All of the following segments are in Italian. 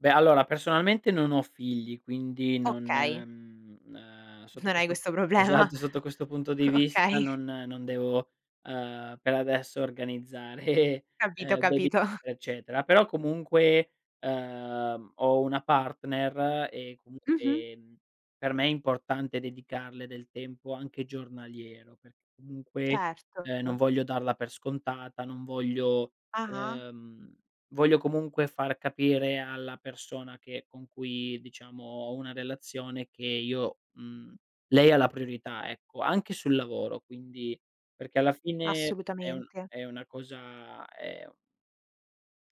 Beh, allora personalmente non ho figli quindi non Okay. mhmm, ehm, sotto Non hai questo questo problema. esatto, sotto questo punto di vista Okay. non non devo, ehm, per adesso organizzare, Capito ehm, baby capito. eccetera. Però comunque, ehm, ho una partner e comunque, Mh-mh. ehm, per me è importante dedicarle del tempo anche giornaliero, perché comunque, Certo, ehm, non to voglio darla per scontata, non voglio, Ah-ah. ehm, voglio comunque far capire alla persona che con cui diciamo ho una relazione che io mhmm, lei ha la priorità, ecco, anche sul lavoro quindi perché alla fine è un Assolutamente. è una cosa è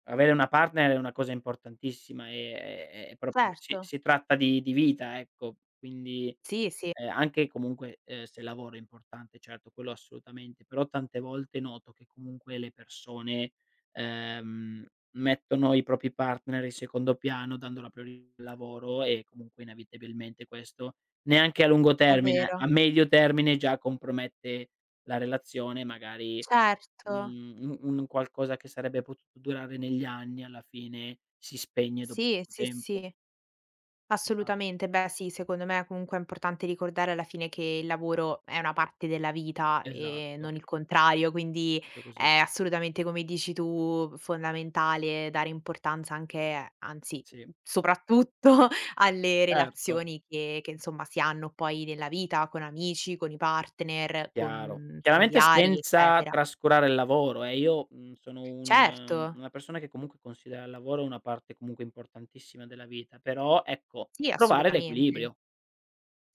Avere una partner è una cosa importantissima e è proprio si Certo. si tratta di di vita, ecco. Quindi, Sì, sì. ehm, anche comunque, ehm, se lavoro è importante certo, quello assolutamente, però tante volte noto che comunque le persone, ehm, mettono i propri partner in secondo piano dando la priori lavoro e comunque inevitabilmente questo, neanche a lungo È termine, vero. a medio termine già compromette la relazione magari, Certo. mhmm, u un qualcosa che sarebbe potuto durare negli anni alla fine si spegne dopo Sì, poco sì, tempo. sì. Esatto. Assolutamente. Beh sì, secondo me comunque è importante ricordare alla fine che il lavoro è una parte della vita e Esatto. non il contrario, quindi, Proprio così. è assolutamente come dici tu, fondamentale dare importanza anche anzi, Sì. n soprattutto alle Erto. relazioni che che insomma si hanno poi nella vita con amici, con i partner, Chiaro. con Chiaramente familiari, senza eccetera. trascurare il lavoro eh, io, mhmm, sono un Certo. una persona che comunque considera il lavoro una parte comunque importantissima della vita, però ecco, Sì, trovare assolutamente. l'equilibrio.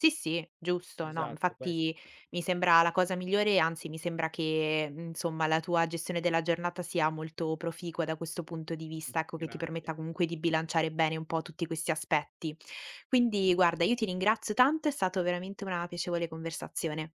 Sì, sì, giusto. No, m Esatto, ques Infatti mi sembra la cosa migliore e anzi mi sembra che insomma la tua gestione della giornata sia molto proficua da questo punto di Mh. vista, ecco, che ti Grazie. permetta comunque di bilanciare bene un po' tutti questi aspetti. Quindi, guarda, io ti ringrazio tanto, è stato veramente una piacevole conversazione.